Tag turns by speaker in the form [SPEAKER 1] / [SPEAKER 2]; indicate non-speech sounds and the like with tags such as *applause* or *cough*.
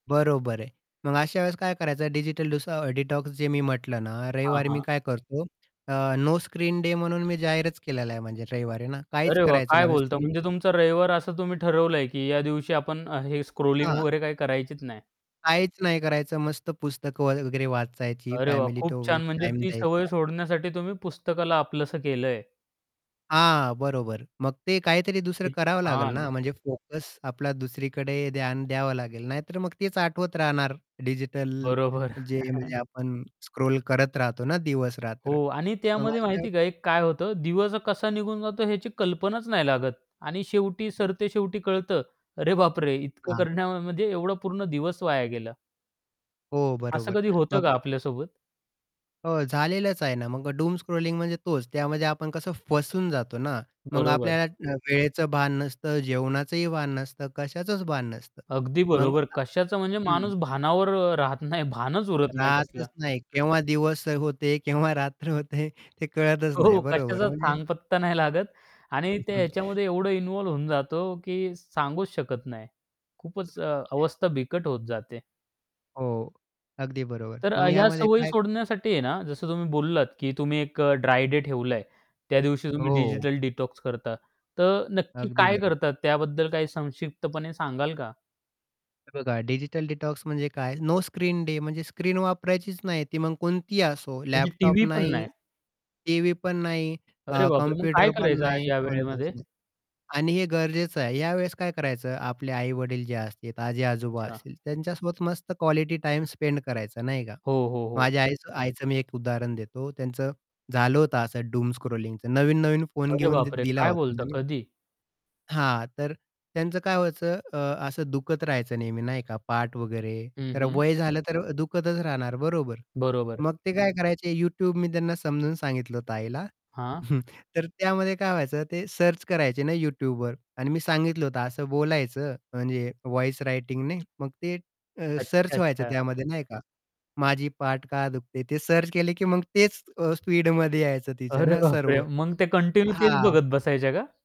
[SPEAKER 1] बरोबर आहे. मग अशा वेळेस काय करायचं डिजिटल डीसो डिटॉक्स जे मी म्हटलं ना
[SPEAKER 2] हां,
[SPEAKER 1] रविवारी मी
[SPEAKER 2] हां.
[SPEAKER 1] काय करतो अ, नो स्क्रीन डे म्हणून मी जाहीरच केलेला आहे म्हणजे रविवारी ना. काहीच
[SPEAKER 2] अरे, वाह!
[SPEAKER 1] करायचं
[SPEAKER 2] काय
[SPEAKER 1] नाही म्हणजे
[SPEAKER 2] बोलता
[SPEAKER 1] स्क्रीन
[SPEAKER 2] म्हणजे
[SPEAKER 1] पण
[SPEAKER 2] तुमचं रविवार असं तुम्ही ठरवलंय की या दिवशी आपण अ, हे स्क्रोलिंग
[SPEAKER 1] हां.
[SPEAKER 2] वगैरे काही करायचीच नाही.
[SPEAKER 1] काहीच नाही करायचं. मस्त पुस्तकं वगैरे वाचायची
[SPEAKER 2] अरे, वाह!
[SPEAKER 1] फॅमिली
[SPEAKER 2] खूप
[SPEAKER 1] तो
[SPEAKER 2] छान म्हणजे
[SPEAKER 1] टाईम
[SPEAKER 2] ती सवय
[SPEAKER 1] द्यायचा.
[SPEAKER 2] सोडण्यासाठी तुम्ही पुस्तकाला आपलंसं केलंय.
[SPEAKER 1] हां, बरोबर मग ते काहीतरी दुसरं
[SPEAKER 2] किती
[SPEAKER 1] करावं लागेल
[SPEAKER 2] छान!
[SPEAKER 1] ना म्हणजे फोकस आपला दुसरीकडे ध्यान द्यावं लागेल. नाहीतर मग तेच आठवत राहणार डिजिटल
[SPEAKER 2] बरोबर.
[SPEAKER 1] जे
[SPEAKER 2] *chuckles*
[SPEAKER 1] म्हणजे आपण स्क्रोल करत राहतो ना दिवस-रात्र
[SPEAKER 2] हो आणि
[SPEAKER 1] मग
[SPEAKER 2] त्यामध्ये
[SPEAKER 1] अशा
[SPEAKER 2] माहिती आहे का काय होतं? दिवस कसा निघून जातो याची कल्पनाच नाही लागत आणि शेवटी
[SPEAKER 1] हं.
[SPEAKER 2] सरते शेवटी कळत अरे, बापरे! इतकं
[SPEAKER 1] हां.
[SPEAKER 2] करण्यामध्ये एवढा पूर्ण दिवस वाया गेला.
[SPEAKER 1] हो
[SPEAKER 2] असं
[SPEAKER 1] बरोबर
[SPEAKER 2] कधी होतं का
[SPEAKER 1] मग अ
[SPEAKER 2] आपल्यासोबत?
[SPEAKER 1] हो, झालेलंच आहे ना मग डूम स्क्रॉलिंग म्हणजे तोच. त्यामध्ये आपण कसं फसून जातो ना. मग
[SPEAKER 2] बरोबर.
[SPEAKER 1] आपल्याला अ, वेळेचं भान नसतं, जेवणाचंही भान नसतं, कशाचच भान नसतं.
[SPEAKER 2] अगदी
[SPEAKER 1] मग
[SPEAKER 2] बरोबर
[SPEAKER 1] अ,
[SPEAKER 2] कशाचा म्हणजे
[SPEAKER 1] हं.
[SPEAKER 2] माणूस भानावर अ, राहत नाही भानच उरत नाही कसलं.
[SPEAKER 1] राहतच नाही. केव्हा दिवस होते, केव्हा रात्र होते ते कळतच
[SPEAKER 2] हो,
[SPEAKER 1] नाही बरोबर
[SPEAKER 2] कशाचा
[SPEAKER 1] म्हणजे
[SPEAKER 2] थांगपत्ता नाही लागत आणि
[SPEAKER 1] हं,
[SPEAKER 2] ते
[SPEAKER 1] हं.
[SPEAKER 2] याच्यामध्ये एवढं इन्व्हॉल्व होऊन जातो की सांगूच शकत नाही खूपच अ, अवस्था बिकट होत जाते.
[SPEAKER 1] हो, अगदी बरोबर.
[SPEAKER 2] तर अ,
[SPEAKER 1] मग
[SPEAKER 2] ह्या
[SPEAKER 1] ह्यामध्ये
[SPEAKER 2] सवयी
[SPEAKER 1] काय
[SPEAKER 2] सोडण्यासाठी आहे ना जसं तुम्ही बोललात की तुम्ही एक अ, ड्राय डे ठेवलंय त्या दिवशी तुम्ही
[SPEAKER 1] हो.
[SPEAKER 2] डिजिटल डिटॉक्स करता तर नक्की
[SPEAKER 1] अगदी
[SPEAKER 2] काय
[SPEAKER 1] बरोबर.
[SPEAKER 2] करतात, त्याबद्दल काही संक्षिप्तपणे सांगाल का?
[SPEAKER 1] हे बघा डिजिटल डिटॉक्स म्हणजे काय नो स्क्रीन डे म्हणजे स्क्रीन वापरायचीच नाही. ती मग कोणतीही असो
[SPEAKER 2] म्हणजे
[SPEAKER 1] लॅपटॉप
[SPEAKER 2] टीव्ही पण
[SPEAKER 1] नाही,
[SPEAKER 2] नाही.
[SPEAKER 1] टीव्ही पण नाही
[SPEAKER 2] अरे,
[SPEAKER 1] अ,
[SPEAKER 2] बापरे! मग काय
[SPEAKER 1] कॉम्प्युटर पण
[SPEAKER 2] करायचं
[SPEAKER 1] नाही,
[SPEAKER 2] या
[SPEAKER 1] कोणताच
[SPEAKER 2] वेळेमध्ये?
[SPEAKER 1] नाही. आणि हे गरजेचं आहे. या वेळेस काय करायचं आपले आई-वडील जे असतील, आजी-आजोबा
[SPEAKER 2] अच्छा.
[SPEAKER 1] असतील त्यांच्यासोबत मस्त क्वालिटी टाईम स्पेंड करायचा नाही का.
[SPEAKER 2] हो, हो, हो.
[SPEAKER 1] माझ्या आईचं आईचं मी एक उदाहरण देतो. त्यांचं झालं होतं असं डूम स्क्रॉलिंगचं नवीन-नवीन फोन
[SPEAKER 2] अरे,
[SPEAKER 1] घेऊन द
[SPEAKER 2] बापरे!
[SPEAKER 1] दिला
[SPEAKER 2] काय
[SPEAKER 1] होता
[SPEAKER 2] बोलता
[SPEAKER 1] ना मी.
[SPEAKER 2] कधी?
[SPEAKER 1] हां. तर त्यांचं काय व्हायचं अ, असं दुखत राहायचं नेहमी नाही का पाठ वगैरे.
[SPEAKER 2] हं,
[SPEAKER 1] तर
[SPEAKER 2] हं.
[SPEAKER 1] वय झालं तर दुखतच राहणार बरोबर.
[SPEAKER 2] बरोबर.
[SPEAKER 1] मग ते काय करायचे? YouTube मी त्यांना समजून सांगितलं होतं आईला.
[SPEAKER 2] हां.
[SPEAKER 1] *chuckles* तर त्यामध्ये काय व्हायचं ते सर्च करायचे ना YouTubeवर आणि मी सांगितलं होतं असं बोलायचं म्हणजे व्हॉईस रायटिंगने. मग ते अ,
[SPEAKER 2] अच्छा,
[SPEAKER 1] सर्च व्हायचं
[SPEAKER 2] अच्छा.
[SPEAKER 1] त्यामध्ये नाही का. "माझी पाठ का दुखते?" ते सर्च केले की मग तेच अ, स्पीडमध्ये यायचं तिच्या
[SPEAKER 2] अरे,
[SPEAKER 1] ना
[SPEAKER 2] बापरे!
[SPEAKER 1] सर्व.
[SPEAKER 2] मग ते कंटिन्यू तेच
[SPEAKER 1] हां.
[SPEAKER 2] बघत बसायच्या का?